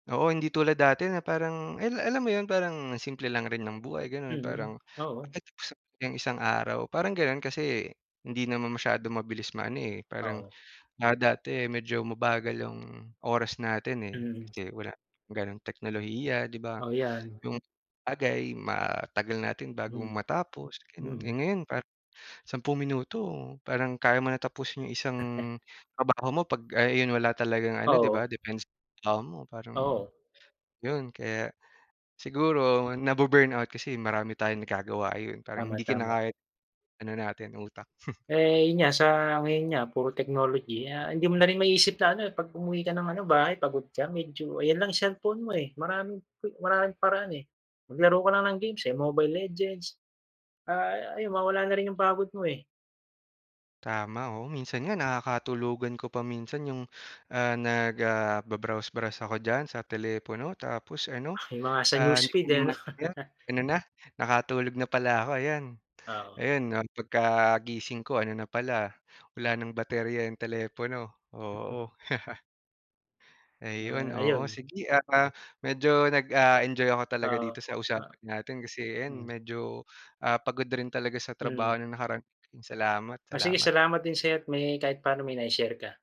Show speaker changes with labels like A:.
A: Oo, hindi tulad dati na parang al alam mo yun parang simple lang rin ng buhay ganoon.
B: Mm,
A: Parang
B: oo.
A: [unintelligible] yung isang araw parang ganoon. Kasi hindi naman masyado mabilis maano, eh, parang,
B: Oo.
A: ah, dati medyo mabagal yung oras natin, eh.
B: Mhm.
A: Kasi wala ganoong teknolohiya 'di ba?
B: Oo, yan.
A: Yung bagay, matagal natin bago
B: Mhm.
A: matapos, ganon. Eh,
B: Mm.
A: ngayon parang 10 minuto parang kaya mo na tapusin yung isang trabaho mo, pag ay yun wala talagang ano 'di
B: Oo.
A: ba depends sa trabaho mo. Parang
B: Oo.
A: yun, kaya siguro na bu-burnout kasi marami tayong nagagawa, yun parang
B: Tama,
A: hindi
B: tama.
A: kinakaya ng ano natin utak.
B: Eh, yun nga, sa ngayon nga puro technology. Ah, hindi mo na rin ma-isip na ano kapag umuwi ka ng ano bahay pagod ka, medyo ayan lang cellphone mo, eh, maraming maraming paraan, eh. Maglaro ka lang ng games, eh, Mobile Legends, ah, ayun mawawala na rin yung pagod mo, eh.
A: Tama, oo. Minsan nga nakakatulugan ko pa minsan yung, ah, nag, ah, ba browse browse ako diyan sa telepono. Tapos ano,
B: Yung mga sa
A: ah,
B: newsfeed, eh, 'no.
A: [unintelligible] ano na, nakatulog na pala ako ayan
B: Oo.
A: ayan, ah, pagka-gising ko ano na pala, wala ng baterya iyong telepono,
B: [unintelligible]
A: oo. Ayun,
B: Ah,
A: oo.
B: ayun.
A: Sige at, ah, medyo nag, ah, enjoy ako talaga
B: Oo,
A: dito sa
B: ah
A: usapan natin, kasi ayan
B: hmm.
A: medyo ah, pagod rin talaga sa trabaho
B: Mm.
A: nung nakaraan Salamat,
B: O sige
A: salamat.
B: salamat din sa iyo at may kahit paano may nai-share ka.